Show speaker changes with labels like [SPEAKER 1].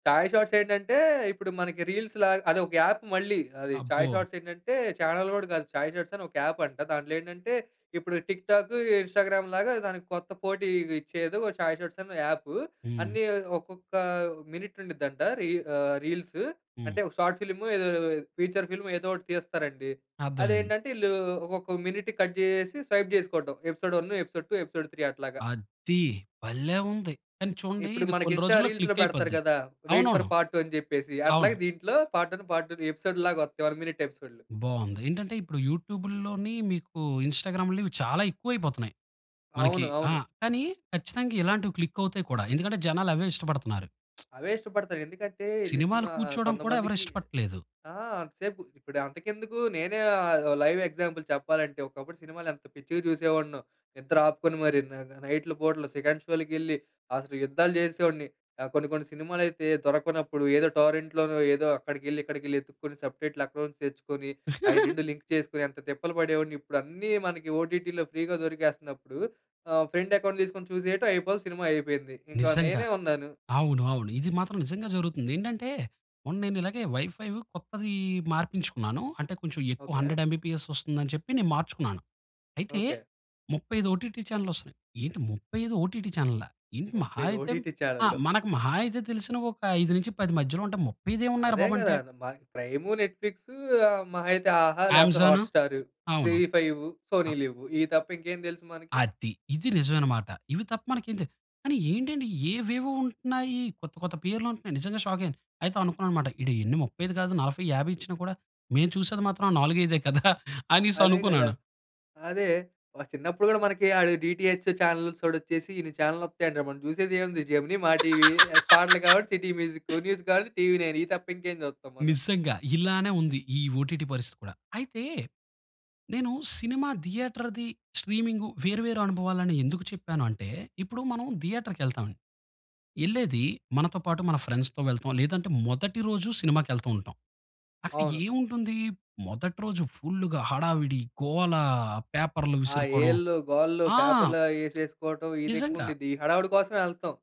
[SPEAKER 1] చాయ్ shorts ఏంటంటే ఇప్పుడు మనకి రీల్స్ లాగా అది ఒక యాప్ మళ్ళీ. అది చాయ్
[SPEAKER 2] అబ్బో!
[SPEAKER 1] షార్ట్స్ ఏంటంటే చానెల్ గూడా కాదు. చాయ్ షార్ట్స్ అని ఒక యాప్ అంట. దాంట్లో ఏంటంటే ఇప్పుడు టిక్ టాక్, ఇన్స్టాగ్రామ్ లాగా దానికి కొత్త పోటీ ఇచ్చేది ఓ చాయ్ షార్ట్స్ అని యాప్.
[SPEAKER 2] హ్మ్.
[SPEAKER 1] అన్నీ ఒక్కొక్క మినిట్ ఉండుద్దంట. రీ ఆహ్, రీల్స్. అంటే
[SPEAKER 2] హ్మ్.
[SPEAKER 1] ఒక షార్ట్ ఫిల్మ్ ఏదో ఫీచర్ ఫిల్మ్ ఏదో ఒకటి తీస్తారండి.
[SPEAKER 2] అర్థమైంది.
[SPEAKER 1] అదేంటంటే ఈళ్ళు ఒక్కొక్క మినిట్ కట్ జేసేసి స్వైప్ చేసుకోవటం. ఎపిసోడ్ 1, ఎపిసోడ్ 2, ఎపిసోడ్ 3 అట్లాగా.
[SPEAKER 2] అద్ది భలే ఉంది కానీ చూడండి
[SPEAKER 1] ఇప్పుడు
[SPEAKER 2] ఇది
[SPEAKER 1] మనకి
[SPEAKER 2] కొన్ని
[SPEAKER 1] ఇన్స్టా
[SPEAKER 2] రోజుల్లో
[SPEAKER 1] రీల్స్‌లో
[SPEAKER 2] క్లిక్
[SPEAKER 1] పెడతారు
[SPEAKER 2] అయిపోద్ది.
[SPEAKER 1] గదా! వెయిట్ ఫర్
[SPEAKER 2] అవునవును.
[SPEAKER 1] పార్ట్ 2 అని జెప్పేసి
[SPEAKER 2] అవును.
[SPEAKER 1] అట్లాగే దీంట్లో పార్ట్ 1, పార్ట్ 2 ఎపిసోడ్ లాగా వస్తాయి. 1 మినిట్ ఎపిసోడ్‌లు.
[SPEAKER 2] బావుంది. ఏంటంటే ఇప్పుడు యూట్యూబ్‌ల్లోని మీకు ఇన్స్టాగ్రామ్‌లో ఇవి చాలా ఎక్కువైపోతున్నాయి. మనకి
[SPEAKER 1] అవును.
[SPEAKER 2] ఆ!
[SPEAKER 1] అవును.
[SPEAKER 2] కానీ ఖచ్చితంగా ఇలాంటివి క్లిక్ అవుతాయి కూడా ఎందుకంటే జనాలు అవే ఇష్టపడుతున్నారు.
[SPEAKER 1] అవే ఇష్టపడతారు. ఎందుకంటే ఈళ్ళీ
[SPEAKER 2] సినిమాలో
[SPEAKER 1] సినిమా
[SPEAKER 2] కూర్చోవడం కూడా ఎవరు
[SPEAKER 1] కొంతమందికి
[SPEAKER 2] ఇష్టపడట్లేదు.
[SPEAKER 1] ఆ! అంతసేపు ఇప్పుడు అంతకెందుకు నేనే ఆహ్, లైవ్ ఎగ్జాంపుల్ చెప్పాలంటే. ఒకప్పుడు సినిమాలు ఎంత పిచ్చిగా చూసేవాడినో. నిద్ర ఆపుకొని మరి. నగ నైట్‌లు పూటలు సెకండ్ షో‌లకెళ్ళి అసలు యుద్ధాలు చేసేవాడిని. ఆహ్, కొన్ని కొన్ని సినిమాలైతే దొరకనప్పుడు ఏదో టోరెంట్‌లోనో ఏదో అక్కడికెళ్ళి ఇక్కడికి వెళ్లి వెతుక్కొని సబ్‌టైటిల్ అకౌంట్స్ తెచ్చుకొని అయి 2 లింక్ చేసుకొని ఎంత తిప్పలు పడేవాడిని ఇప్పుడన్నీ మనకి ఓటిటి‌లో ఫ్రీ‌గా దొరికేస్తున్నప్పుడు ఆహ్, ఫ్రెండ్ అకౌంట్ తీసుకొని చూసేయటం అయిపోవాలి. సినిమా అయిపోయింది. ఇంకా
[SPEAKER 2] నిజంగా.
[SPEAKER 1] నేనే ఉన్నాను.
[SPEAKER 2] అవును. అవును. ఇది మాత్రం నిజంగా జరుగుతుంది. ఏంటంటే మొన్న నేనిలాగే వైఫై కొత్తది మార్పించుకున్నాను. అంటే కొంచెం ఎక్కువ
[SPEAKER 1] ఓకే.
[SPEAKER 2] 100 ఎంబీపీఎస్ వస్తుందని చెప్పి నేను మార్చుకున్నాను. అయితే
[SPEAKER 1] ఓకే.
[SPEAKER 2] 35 ఓటీటీ ఛానల్‌లు వస్తున్నాయి. ఏంటి? 35 ఓటీటీ చానెళ్ళా? ఏంటి?
[SPEAKER 1] ముప్పై
[SPEAKER 2] మహా
[SPEAKER 1] ఐదు
[SPEAKER 2] అయితే
[SPEAKER 1] ఓటిటి‌
[SPEAKER 2] ఆ!
[SPEAKER 1] చానెల్‌లు.
[SPEAKER 2] మనకు మహా అయితే తెలిసిన ఒక 5 నుంచి 10 మధ్యలో అంటే 35 ఏమున్నాయిరా
[SPEAKER 1] అదే
[SPEAKER 2] బాబు
[SPEAKER 1] గదా!
[SPEAKER 2] అంటే
[SPEAKER 1] న మ ప్రైము నెట్ ఫ్లిక్స్, మహా ఐతే ఆహా లేకపోతే
[SPEAKER 2] అమెజాన్.
[SPEAKER 1] హాట్ స్టార్, జీ
[SPEAKER 2] అవును.
[SPEAKER 1] ఫైవ్, సోనీ లీవ్ ఇవి తప్ప ఇంకేం తెలుసు మనకి.
[SPEAKER 2] అది. ఇది నిజమైనమాట. ఇవి తప్ప మనకేం తె కానీ ఏంటండి ఏవేవో ఉంటున్నాయి. కొత్త కొత్త పేర్లుంటున్నయి నిజంగా షాక్ అయ్యాను. అయితే అనుకున్నానన్నమాట. ఈడు ఎన్ని 35 కాదు 40, 50 ఇచ్చినా కూడా మేము చూసేది మాత్రం ఆ నాలుగైదే కదా!
[SPEAKER 1] అదే గదా!
[SPEAKER 2] అనేసనుకున్నాను.
[SPEAKER 1] అదే మన చిన్నప్పుడు గూడా మనకి అది డీటీహెచ్ చానెల్స్‌ఓడొచ్చేసి ఇన్ని చానెల్లొత్తాయంటే మనం జూసేదేముంది జెమినీ, మా టీవీ పాటలు కావాలంటే సిటీ మ్యూజిక్కు న్యూస్ కావాలంటే టీవీ నైన్ ఇది తప్ప ఇంకేం చూస్తాం మనం.
[SPEAKER 2] నిజంగా. ఇలానే ఉంది. ఈ ఓటీటీ పరిస్థితి కూడా. అయితే నేను సినిమా థియేటర్‌ది, స్ట్రీమింగు వేరు వేరు అనుభవాలని ఎందుకు చెప్పాను అంటే ఇప్పుడు మనం థియేటర్‌కెళ్తామండి. యెళ్ళేది మనతో పాటు మన ఫ్రెండ్స్‌తో వెళ్తాం లేదంటే మొదటి రోజు సినిమాకెళ్తూ ఉంటాం. అక్కడ
[SPEAKER 1] అవును.
[SPEAKER 2] ఏముంటుంది మొదటి రోజు ఫుల్లుగా హడావిడి గోల, పేపర్‌లు
[SPEAKER 1] ఆ
[SPEAKER 2] విసురుకోవడం.
[SPEAKER 1] ఈలలు, గోలలు,
[SPEAKER 2] ఆ!
[SPEAKER 1] పేపర్లు అయేసేసుకోవడం ఇది
[SPEAKER 2] నిజంగా.
[SPEAKER 1] ఎక్కువుండిద్ది ఈ హడావిడి కోసమే యెళ్తాం.